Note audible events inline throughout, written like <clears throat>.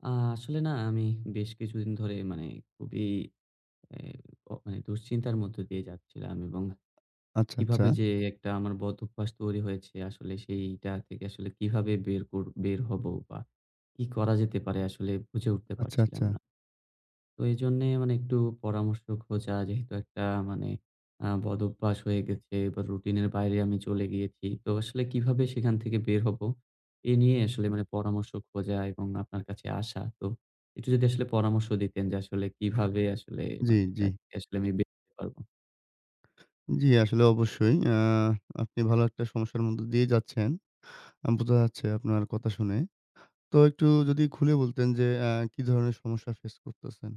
আ আসলে না আমি বেশ কিছুদিন ধরে মানে খুবই এ অ অ্যা দুশ্চিন্তার মধ্য দিয়ে যাচ্ছিলাম এবং আচ্ছা, কিভাবে আচ্ছা। যে একটা আমার বদ অভ্যাস তৈরি হয়েছে আসলে সেইটা থেকে আসলে কিভাবে বের কর বের হব বা কি করা যেতে পারে আসলে বুঝে উঠতে আচ্ছা, পারছিলাম আচ্ছা। না। তো এইজন্যে মানে একটু পরামর্শ খোঁজা যেহেতু একটা মানে আ বদ অভ্যাস হয়ে গেছে বা রুটিন এর বাইরে আমি চলে গিয়েছি। তো আসলে কিভাবে সেখান থেকে বের হব, এ নিয়ে আসলে মানে পরামর্শ খোঁজা এবং আপনার কাছে আসা। তো একটু যদি আসলে পরামর্শ দিতেন যে আসলে কিভাবে আসলে জ্বী, মানে এটা জ্বী। থেকে আসলে আমি বের হতে পারবো? জ্বি, আসলে অবশ্যই। অ্যা আপনি ভালো একটা সমস্যার মধ্য দিয়েই যাচ্ছেন। আ বুঝা যাচ্ছে আপনার কথা শুনে। তো একটু যদি খুলে বলতেন যে অ্যা কি ধরনের সমস্যা ফেস করতেছেন?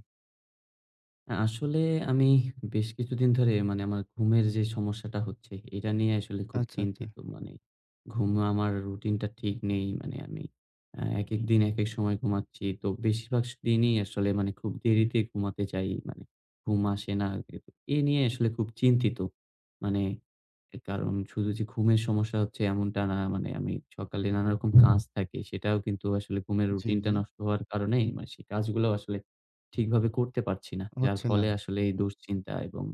আ আসলে আমি বেশ কিছুদিন ধরে মানে আমার ঘুমের যে সমস্যাটা হচ্ছে এটা নিয়ে আসলে খুব আচ্ছা, আচ্ছা। চিন্তিত, মানে ঘুম আমার রুটিনটা ঠিক নেই। মানে আমি অ্যা একেক দিন একেক সময় ঘুমাচ্ছি। তো বেশির ভাগ দিনই আসলে মানে খুব দেরিতে ঘুমাতে যাই। মানে ঘুম আসে না। অ্যা এ নিয়ে আসলে খুব চিন্তিত। মানে এ কারণ শুধু যে ঘুমের সমস্যা হচ্ছে এমনটা না, মানে আমি সকালে নানা রকম কাজ থাকে সেটাও কিন্তু আসলে ঘুমের জি, রুটিনটা জি। নষ্ট হওয়ার কারণেই মা সে কাজগুলাও আসলে ঠিকভাবে করতে পারছি না। যার হচ্ছে না। ফলে আসলে এই দুশ্চিন্তা এবং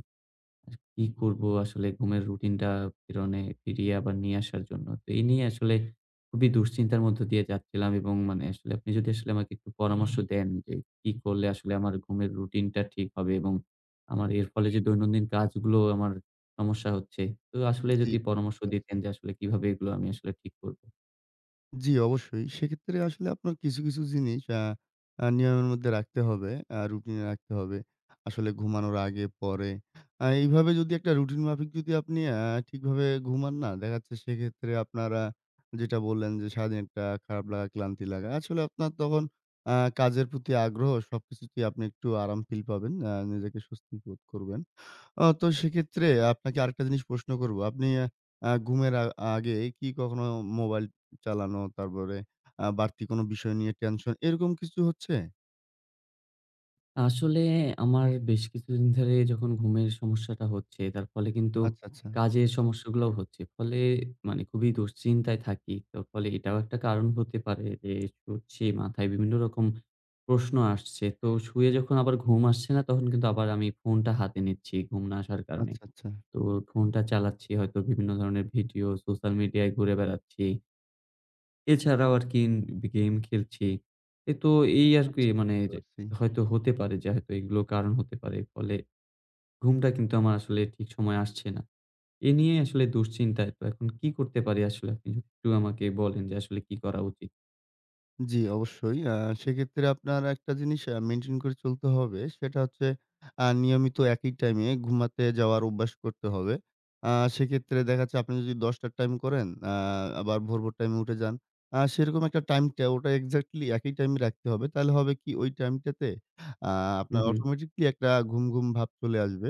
কি করব আসলে ঘুমের রুটিনটা ফিরনে ফিরিয়ে আবার নিয়ে আসার জন্য। তো এই নিয়ে আসলে খুবই দুশ্চিন্তার মধ্য দিয়ে যাচ্ছিলাম এবং মানে আসলে আপনি যদি আসলে আমাকে একটু পরামর্শ দেন যে কি করলে আসলে আমার ঘুমের রুটিনটা ঠিক হবে এবং আমার এর ফলে যে দৈনন্দিন কাজগুলোও আমার সমস্যা হচ্ছে। তো আসলে জ্বী। যদি পরামর্শ বুঝতে দিতেন পারছি। যে আসলে কিভাবে এগুলা আমি আসলে ঠিক করব? জি, অবশ্যই। সেক্ষেত্রে আসলে আপনার কিছু, কিছু জিনিস আ আ নিয়মের মধ্যে রাখতে হবে। আ রুটিনে রাখতে হবে। আসলে ঘুমানোর আগে, পরে। আ এইভাবে যদি একটা রুটিন মাফিক যদি আপনি আ ঠিকভাবে ঘুমান না, দেখা যাচ্ছে সেক্ষেত্রে আপনার আ যেটা বললেন যে, সারাদিন একটা খারাপ লাগা, ক্লান্তি লাগা। আসলে আপনার তখন আ কাজের প্রতি আগ্রহ, সবকিছুতেই আপনি একটু আরাম ফিল পাবেন। আ নিজেকে স্বস্তি বোধ করবেন। আ তো সেক্ষেত্রে আপনাকে আরেকটা জিনিস প্রশ্ন করব। আপনি আ ঘুমের আ আগে কি কখনো মোবাইল চালানো, তারপরে আ বাড়তি কোন বিষয় নিয়ে টেনশন, এরকম কিছু হচ্ছে? আসলে আমার বেশ কিছুদিন ধরে যখন ঘুমের সমস্যাটা হচ্ছে, তার ফলে কিন্তু আচ্ছা, আচ্ছা। কাজের সমস্যাগুলাও হচ্ছে। ফলে মানে খুবই দুশ্চিন্তায় থাকি। তো ফলে এটাও একটা কারণ হতে পারে যে শুচ্ছি, মাথায় বিভিন্ন রকম প্রশ্ন আসছে। তো শুয়ে যখন আবার ঘুম আসছে না, তখন কিন্তু আবার আমি ফোনটা হাতে নিচ্ছি, ঘুম না আসার কারণে। আচ্ছা, আচ্ছা। তো ফোনটা চালাচ্ছি, হয়তো বিভিন্ন ধরনের ভিডিও, সোশ্যাল মিডিয়ায় ঘুরে বেড়াচ্ছি এছাড়াও, আরকি বে গেম খেলছি। এ তো এই আচ্ছা, আরকি, আচ্ছা, মানে বুঝতে এইযে পারছি। হয়তো হতে পারে যে হয়তো এগুলো কারণ হতে পারে। ফলে ঘুমটা কিন্তু আমার আসলে ঠিক সময়ে আসছে না। এ নিয়েই আসলে দুশ্চিন্তায়। তো এখন কি করতে পারি আসলে? আপনি একটু আমাকে বলেন যে, আসলে কি করা উচিত? জি, অবশ্যই। আ সেক্ষেত্রে আপনার একটা জিনিস আ মেইনটেইন করে চলতে হবে। সেটা হচ্ছে আ নিয়মিত একই টাইম ঘুমাতে যাওয়ার অভ্যাস করতে হবে। আ সেক্ষেত্রে দেখা যাচ্ছে আপনি যদি ১০ টার টাইম করেন, আ আবার ভোর, ভোর টাইম উঠে যান। আ সেরকম একটা টাইমটা ওটা এক্সাক্টলি একই টাইমে রাখতে হবে। তাহলে হবে কি? ঐ টাইমটাতে আ আপনার হুম, হুম। অটোমেটিক্যালি একটা ঘুম, ঘুম ভাব চলে আসবে।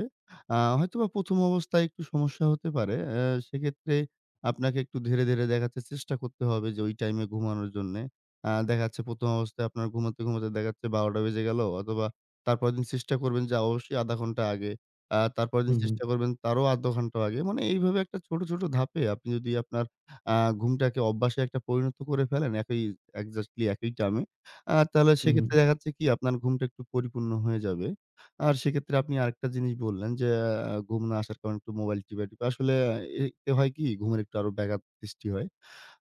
আ হয়তোবা ১ম অবস্থায় একটু সমস্যা হতে পারে। এ্যা সেক্ষেত্রে আপনাকে একটু ধীরে, ধীরে দেখা যাচ্ছে চেষ্টা করতে হবে যে ওই টাইম ঘুমানোর জন্য। আ দেখা যাচ্ছে ১ম অবস্থায় আপনার ঘুমাতে, ঘুমাতে দেখা যাচ্ছে ১২ টা বেজে গেলো অথবা, তারপরের দিন চেষ্টা করবেন যে অবশ্যই ১/২ ঘন্টা আগে, আ তার পরেরদিন হুম, হুম। চেষ্টা করবেন তারও ১/২ ঘন্টা আগে। মানে এইভাবে একটা ছোট, ছোট ধাপে আপনি যদি আপনার আ ঘুমটাকে অভ্যাসে একটা পরিণত করে ফেলেন একি এক্সেক্টলি একই টাইমে, আ তাহলে হুম, হুম। সেক্ষেত্রে দেখা যাচ্ছে কি? আপনার ঘুমটা একটু পরিপূর্ণ হয়ে যাবে। আর সেক্ষেত্রে আপনি আরেকটা জিনিস বললেন যে, এ আ "ঘুম না আসার কারণে একটু মোবাইল টিপাটিপি।" আসলে অ্যা এতে হয় কি? ঘুমের একটু আরো ব্যাঘাত সৃষ্টি হয়।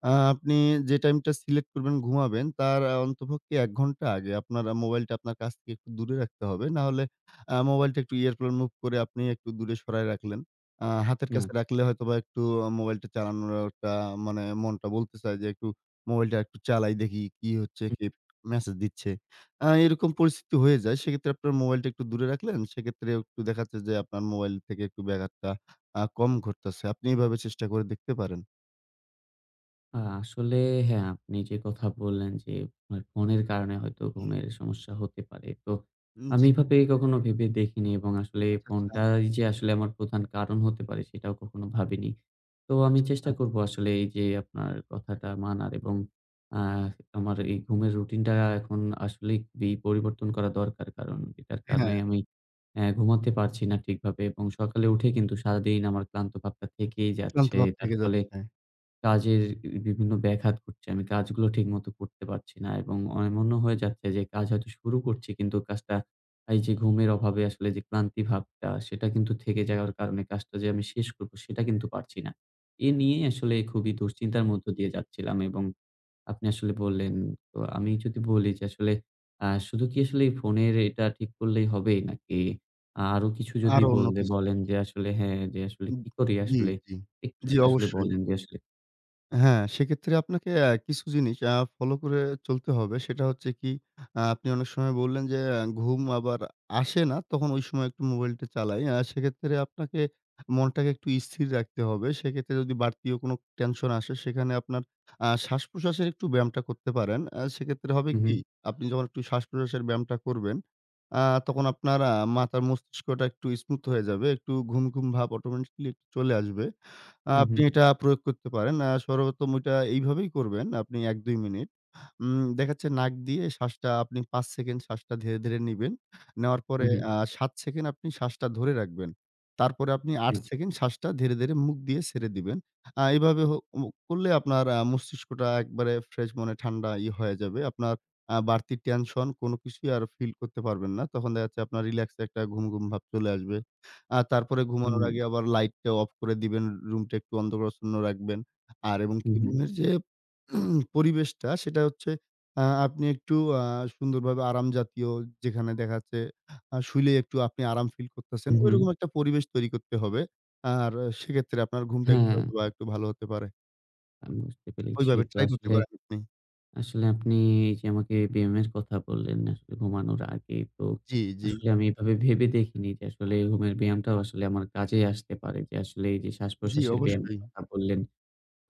আ আপনি যে টাইমটা সিলেক্ট করবেন, ঘুমাবেন তার আ অন্ততপক্ষে ১ ঘন্টা আগে আপনার আ মোবাইলটা আপনার কাছ থেকে একটু দূরে রাখতে হবে। নাহলে আ মোবাইলটা একটু airplane mode করে আপনি একটু দূরে সরায় রাখলেন। আ হাতের কাছে এয়া রাখলে হয়তোবা একটু অ মোবাইলটা চালানোটা মানে মনটা বলতে চায় যে, "একটু মোবাইলটা একটু চালাই দেখি, কি হচ্ছে? হু। কে মেসেজ দিচ্ছে?" আ এরকম পরিস্থিতি হয়ে যায়। সেক্ষেত্রে আপনার মোবাইলটা একটু দূরে রাখলেন। সেক্ষেত্রে একটু দেখাচ্ছে যে আপনার মোবাইল থেকে একটু ব্যাঘাতটা আ কম ঘটতেছে। আপনি এভাবে চেষ্টা করে দেখতে পারেন। আ আসলে, হ্যাঁ, আপনি যে কথা বললেন যে আমার ফোনের কারণে হয়তো <clears throat> ঘুমের সমস্যা হতে পারে। তো উম আমি জি। এভাবে কখনো ভেবে দেখিনি। এবং আসলে আচ্ছা, আচ্ছা। ফোনটাই যে আসলে আমার প্রধান কারণ হতে পারে, সেটাও কখনো ভাবিনি। তো আমি আচ্ছা, আচ্ছা। চেষ্টা করব আসলে এই যে আপনার কথাটা মানার, এবং আ আমার এই ঘুমের রুটিনটা এখন আসলেই খুবই পরিবর্তন করা দরকার। কারণ এটার কারণে হ্যাঁ। আমি অ্যা ঘুমাতে পারছি না ঠিকভাবে, এবং সকালে উঠে কিন্তু সারাদিন আমার ক্লান্তভাবটা থেকেই ক্লান্ত যাচ্ছে। ভাব তার থেকে ফলে যাচ্ছে। কাজের বি বিভিন্ন ব্যাঘাত করছে। আমি কাজগুলো ঠিকমতো করতে পারছি না। এবং এমন ও মনে হয়ে যাচ্ছে যে কাজ হয়তো শুরু করছি, কিন্তু কাজটা এই যে ঘুমের অভাবে আসলে যে ক্লান্তিভাবটা, সেটা কিন্তু থেকে যাওয়ার কারণে কাজটা যে আমি শেষ করব, সেটা কিন্তু পারছি না। এ নিয়েই আসলে খুবই দুশ্চিন্তার মধ্য দিয়ে যাচ্ছিলাম এবং আপনি আসলে বললেন, তো আমি যদি বলি যে আসলে, আ শুধু কি আসলে ফোনের এটা ঠিক করলেই হবেই? নাকি আরো কিছু যদি আরও অন্য বল্লে কিছু। বলেন যে আসলে, হ্যাঁ, যে আসলে উব কি করি, জি, আসলে জি, জি, একটুস আসলে অবশ্যই। বলেন যে আসলে হ্যাঁ, সেক্ষেত্রে আপনাকে অ্যা কিছু জিনিস, আ ফলো করে চলতে হবে। সেটা হচ্ছে কি, আ আপনি অনেক সময় বললেন যে, আ ঘুম আবার আসে না, তখন ওই সময় একটু মোবাইলটা চালাই। আ সেক্ষেত্রে আপনাকে মনটাকে একটু স্থির রাখতে হবে। সেক্ষেত্রে যদি বাড়তিও কোন টেনশন আসে, সেখানে আপনার, আ শ্বাসপ্রশ্বাসের একটু ব্যায়ামটা করতে পারেন। আ সেক্ষেত্রে হবে কী? উহু। আপনি যখন একটু শ্বাসপ্রশ্বাসের ব্যায়ামটা করবেন, আ তখন আপনার, আ মাথার মস্তিষ্কটা একটু স্মুথ হয়ে যাবে। একটু ঘুম, ঘুম, ভাব অটোমেটিক্যালি চলে আসবে। আ উহ আপনি হু। এটা আ প্রয়োগ করতে পারেন। আ সর্বপ্রথম এটা এইভাবেই করবেন। আপনি ১-২ মিনিট, উম দেখাচ্ছে নাক দিয়ে শ্বাসটা আপনি ৫ সেকেন্ড শ্বাসটা ধীরে, ধীরে, নিবেন। নেওয়ার পরে, উহু। আ ৭ সেকেন্ড আপনি শ্বাসটা ধরে রাখবেন। তারপরে আপনি ৮ আচ্ছা। সেকেন্ড শ্বাসটা ধীরে, ধীরে, মুখ দিয়ে ছেড়ে দিবেন। আ এভাবে হু মু করলে আপনার আ মস্তিষ্কটা একবারে ফ্রেশ মনে ঠান্ডা ই হয়ে যাবে। আপনার, আ বাড়তি টেনশন কোন কিছুই আর ফিল করতে পারবেন না। তখন দেখাযাচ্ছে আপনার রিল্যাক্স একটা ঘুম, ঘুম, ভাব চলে আসবে। আ তারপরে উ ঘুমানোর হু। আগে আবার লাইটটা অফ করে দিবেন। রুমটা একটু অন্ধকারাচ্ছন্ন রাখবেন। আর এবং কি উহু। রুমের যে <clears throat> পরিবেশটা, সেটা হচ্ছে, আ আপনি একটু আ সুন্দরভাবে আরাম জাতীয়, যেখানে দেখা যাচ্ছে, আ শুইলে একটু আপনি আরাম ফিল করতেছেন। ঐরকম উহুম। একটা পরিবেশ তৈরি করতে হবে। আর সেক্ষেত্রে আপনার ঘুমটা হ্যাঁ, একটু হ্যাঁ। হয়তোবা একটু ভাল হতে পারে। আমি বুঝতে পেরেছি। ওইভাবে তো ট্রাই করতে আসলে পারেন আপনি। আসলে আপনি যে, আমাকে ব্যায়ামের কথা বললেন আসলে ঘুমানোর আগে তো, জ্বী, জ্বী। আসলে আমি এভাবে ভেবে দেখিনি। যে আসলে ঘুমের ব্যায়ামটাও আসলে আমার কাজেই আসতে পারে। যে আসলে এইযে জ্বী, শ্বাসপ্রশ্বাসের ব্যায়ামের অবশ্যই। কথা বললেন।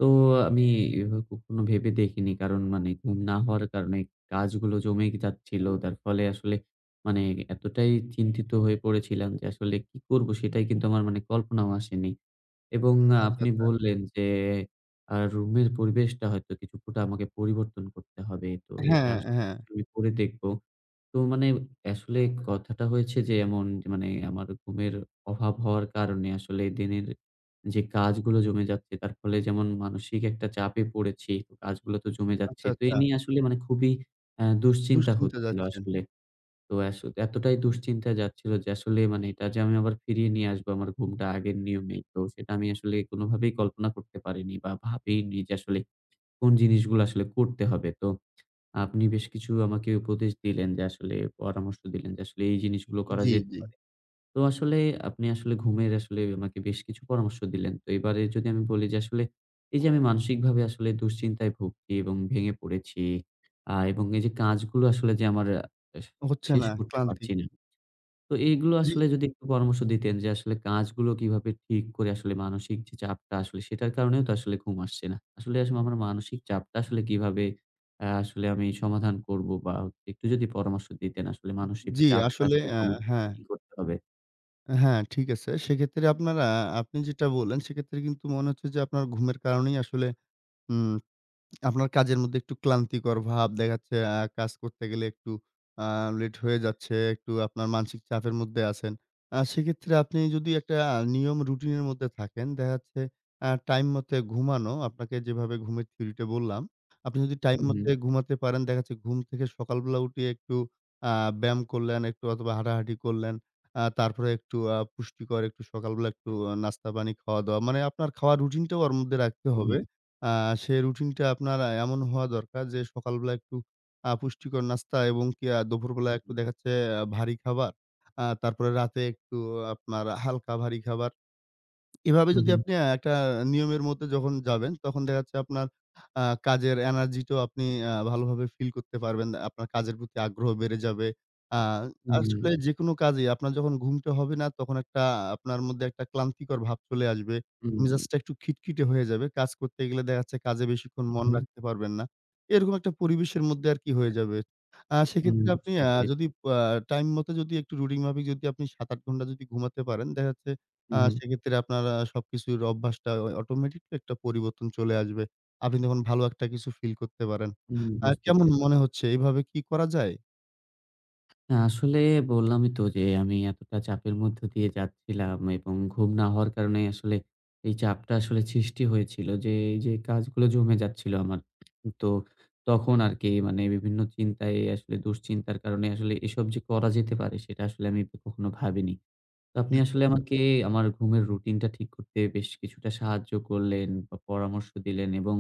তো আমি এভাবে কখনো ভেবে দেখিনি। কারণ মানে ঘুম না হওয়ার কারণে কাজগুলো জমে এ যাচ্ছিল। যার ফলে আসলে মানে এতটাই চিন্তিত হয়ে পড়েছিলাম যে আসলে কি করবো? সেটাই কিন্তু আমার মানে কল্পনাও আসেনি। উ এবং আ অ আচ্ছা, আপনি আচ্ছা। বললেন যে আ রুমের পরিবেশটা হয়তো কিছুটা আমাকে পরিবর্তন করতে হবে। তো এটা হ্যাঁ, আসলে হ্যাঁ। আমি করে দেখব। তো মানে আসলে কথাটা হয়েছে যে এমন মানে আমার ঘুমের অভাব হওয়ার কারণে আসলে দিনের যে কাজগুলো জমে যাচ্ছে, তার ফলে যেমন মানসিক একটা চাপে পড়েছি। কাজগুলো তো জমে যাচ্ছে। আচ্ছা, তো এ আচ্ছা। নিয়ে আসলে মানে খুবই এ্যাঁ দুশ্চিন্তা দুশ্চিন্তা হচ্ছিল যাচ্ছেন। আসলে। তো আস এতটাই দুশ্চিন্তা যাচ্ছিল যে আসলে মানে এটা যে আমি আবার ফিরিয়ে নিয়ে আসবো আমার ঘুমটা আগের নিয়মে, তো সেটা আমি আসলে কোনভাবেই কল্পনা করতে পারিনি বা, ভাবিই নি যে আসলে কোন জিনিসগুলো আসলে করতে হবে। তো আপনি বেশ কিছু আমাকে উপদেশ দিলেন যে আসলে পরামর্শ দিলেন যে আসলে এই জিনিসগুলো করা জ্বী, যেতে জ্বী। পারে। তো আসলে আপনি আসলে ঘুমের আসলে আমাকে বেশ কিছু পরামর্শ দিলেন। তো এবারে যদি আমি বলি যে আসলে এইযে আমি মানসিকভাবে আসলে দুশ্চিন্তায় ভুগছি এবং ভেঙে পড়েছি আ এবং এই যে কাজগুলো আসলে যে আমার আস হচ্ছে শেষ না, করতে ক্লান্তি। পারছি না। তো এগুলো জ্বী। আসলে যদি একটু পরামর্শ দিতেন যে আসলে কাজগুলো কিভাবে ঠিক করে আসলে মানসিক যে চাপটা আসলে সেটার কারণেও তো আসলে ঘুম আসছে না। আসলে আসলে আমার মানসিক চাপটা আসলে কিভাবে এ্যাঁ আসলে আমি সমাধান করবো বা, আ একটু যদি পরামর্শ দিতেন আসলে উ মানসিক জ্বী, চাপটা আসলে আসলে আ কমাতে কি, হ্যাঁ। কি করতে হবে? হ্যাঁ, ঠিক আছে। সেক্ষেত্রে আপনারা আপনি যেটা বললেন, সেক্ষেত্রে কিন্তু মনে হচ্ছে যে আপনার ঘুমের কারণেই আসলে উম <smacks lips> আপনার কাজের মধ্যে একটু ক্লান্তিকর ভাব দেখা যাচ্ছে আ কাজ করতে গেলে একটু আ লেট হয়ে যাচ্ছে। একটু আপনার মানসিক চাপের মধ্যে আছেন। অ্যা সেক্ষেত্রে আপনি যদি একটা আ নিয়ম রুটিনের মধ্যে থাকেন, দেখা যাচ্ছে অ্যা টাইম মতো ঘুমানো। আপনাকে যেভাবে ঘুমের থিওরিটা বললাম, আপনি যদি টাইম মতো উহু। ঘুমাতে পারেন, দেখা যাচ্ছে ঘুম থেকে সকালবেলা উঠে একটু আ ব্যায়াম করলেন একটু অথবা হাঁটাহাঁটি করলেন। আ তারপরে একটু অ্যা পুষ্টিকর একটু সকালবেলা একটু আ নাস্তা-পানি খাওয়া-দাওয়া। মানে আপনার খাওয়ার রুটিনটাও ওর মধ্যে রাখতে হবে। উহু। আ সে রুটিনটা আপনার আ এমন হওয়া দরকার যে সকালবেলা একটু আ পুষ্টিকর নাস্তা, এবং কি আ দুপুরবেলা একটু হুম। দেখা যাচ্ছে ভারী খাবার। আ তারপরে রাতে একটু আপনার হালকা ভারী খাবার। এভাবে যদি আ উহু। আপনি একটা নিয়মের মধ্যে যখন যাবেন, তখন দেখা যাচ্ছে আপনার আ কাজের এনার্জিটাও আপনি আ ভালোভাবে ফিল করতে পারবেন। আপনার কাজের প্রতি আগ্রহ বেড়ে যাবে। আ হু, আসলে হু। যেকোনো কাজেই আপনার যখন ঘুমটা হবে না, তখন একটা আপনার মধ্যে একটা ক্লান্তিকর ভাব চলে আসবে। উম মেজাজটা একটু খিটখিটে হয়ে যাবে। কাজ করতে গেলে দেখা যাচ্ছে কাজে বেশিক্ষণ মন উহু। রাখতে পারবেন না। এরকম একটা পরিবেশের মধ্যে আরকি হয়ে যাবে। আ উম সেক্ষেত্রে আপনি বুঝতে আ পেরেছি। যদি পা টাইম মতো, যদি একটু রুটিন মাফিক, যদি আপনি ৭-৮ ঘণ্টা যদি ঘুমাতে পারেন দেখা যাচ্ছে আ উহু। সেক্ষেত্রে আপনারা সবকিছুর অভ্যাসটা অ অটোমেটিক একটা পরিবর্তন চলে আসবে। আপনি যখন ভালো একটা কিছু ফিল করতে পারেন, উম আ বুঝতে কেমন পেরেছি। মনে হচ্ছে এভাবে কি করা যায়? না, আসলে বললামই তো যে, আমি এতটা চাপের মধ্যে দিয়ে যাচ্ছিলাম, এবং ঘুম না হওয়ার কারণে আসলে এই চাপটা আসলে সৃষ্টি হয়েছিল। যে, এই যে কাজগুলো জমে যাচ্ছিল আমার। তো তখন আরকি মানে বিভিন্ন চিন্তায় আসলে দুশ্চিন্তার কারণে আসলে এসব যে করা যেতে পারে, সেটা আসলে আমি ক কখনো ভাবিনি। তো আপনি আচ্ছা, আচ্ছা। আসলে আমারকে আমার ঘুমের রুটিন টা ঠিক করতে, বেশ কিছুটা সাহায্য করলেন, বা পরামর্শ দিলেন। এবং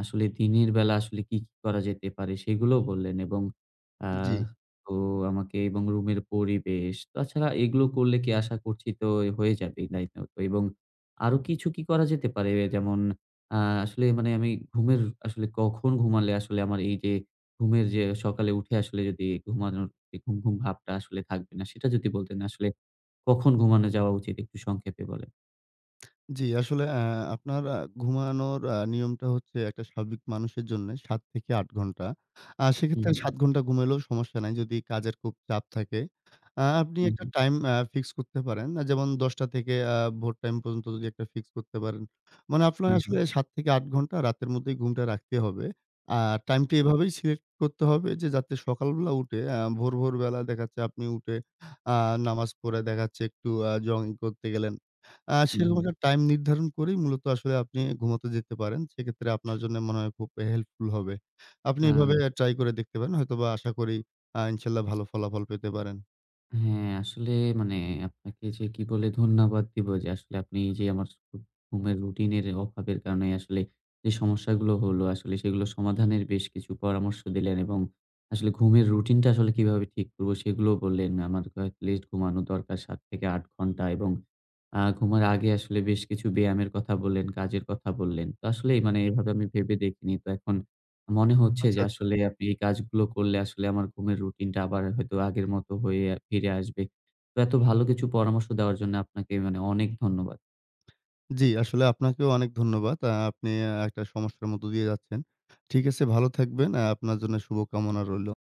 আসলে দিনের বেলা আসলে কি, কি করা যেতে পারে? সেগুলোও বললেন এবং আ জি। তো আমাকে এবং রুমের পরিবেশ। তাছাড়া এগুলো করলে কি আশা করছি, তো এই হয়ে যাবেই নাইট আউট এবং আরো কিছু কি করা যেতে পারে? এ যেমন, আ আসলে মানে আমি ঘুমের আসলে কখন ঘুমালে আসলে, আমার এই যে ঘুমের যে সকালে উঠে আসলে, যদি ঘুমানোর এ ঘুম-ঘুম ভাবটা আসলে থাকবে না? সেটা যদি বলতেন। আসলে কখন ঘুমানো যাওয়া উচিত? একটু সংক্ষেপে বলেন। জি, আসলে আ আপনার আ ঘুমানোর আ নিয়মটা হচ্ছে, একটা স্বাভাবিক মানুষের জন্যে ৭-৮ ঘণ্টা। আ হু, সেক্ষেত্রে হু। ৭ ঘন্টা ঘুমাইলেও সমস্যা নাই। যদি কাজের খুব চাপ থাকে। আ আপনি হু, একটা হু। টাইম আ ফিক্স করতে পারেন। আ যেমন ১০:০০ থেকে আ ভোর টাইম পর্যন্ত যদি একটা ফিক্স করতে পারেন। মানে আপনার হু, আসলে হু। ৭-৮ ঘন্টা রাতের মধ্যেই ঘুমটা রাখতে হবে। আ টাইম টা হু। এভাবেই সিলেক্ট করতে হবে। যে, যাতে সকালবেলা উঠে আ ভোর, ভোর বেলা দেখা যাচ্ছে আপনি উঠে আ নামাজ পড়ে, দেখা যাচ্ছে একটু আ জগিং করতে গেলেন। আ হু, সেরকম হু। একটা টাইম নির্ধারণ করেই, মূলত আসলে আপনি ঘুমোতে যেতে পারেন। সেক্ষেত্রে আপনার জন্য মনে হয়, খুব হেল্পফুল হবে। আপনি এভাবে আ ট্রাই করে দেখতে পারেন। হয়তোবা আশা করি আ ইনশাল্লাহ ভালো ফলাফল পেতে পারেন। হ্যাঁ, আসলে মানে আপনাকে যে কি বলে ধন্যবাদ দিব? যে আসলে আপনি যে আমার চ ঘুমের রুটিনের অভাবের কারণে আসলে যে, সমস্যাগুলো হলো। আসলে সেগুলো সমাধানের বেশ কিছু পরামর্শ দিলেন। এবং আসলে ঘুমের রুটিনটা আসলে কিভাবে ঠিক করব? সেগুলোও বললেন। আমার এটলিস্ট ঘুমানো দরকার ৭-৮ ঘন্টা। এবং আ ঘুমানোর আগে আসলে বেশ কিছু ব্যায়ামের কথা বললেন, কাজের কথা বললেন। তো আসলে মানে এভাবে আমি ভেবে দেখিনি। তো এখন মনে হচ্ছে আচ্ছা, যে, আচ্ছা। আসলে আপনি এই কাজগুলো করলে, আসলে আমার ঘুমের রুটিনটা আবার হয়তো আগের মত হয়ে আ ফিরে আসবে। তো এত ভালো কিছু পরামর্শ দেওয়ার জন্য, আপনাকে মানে অনেক ধন্যবাদ। জি, আসলে আপনাকেও অনেক ধন্যবাদ। আ আপনি আ একটা সমস্যার মধ্য দিয়ে যাচ্ছেন। ঠিক আছে ভালো থাকবেন। আ আপনার জন্য শুভকামনা রইলো।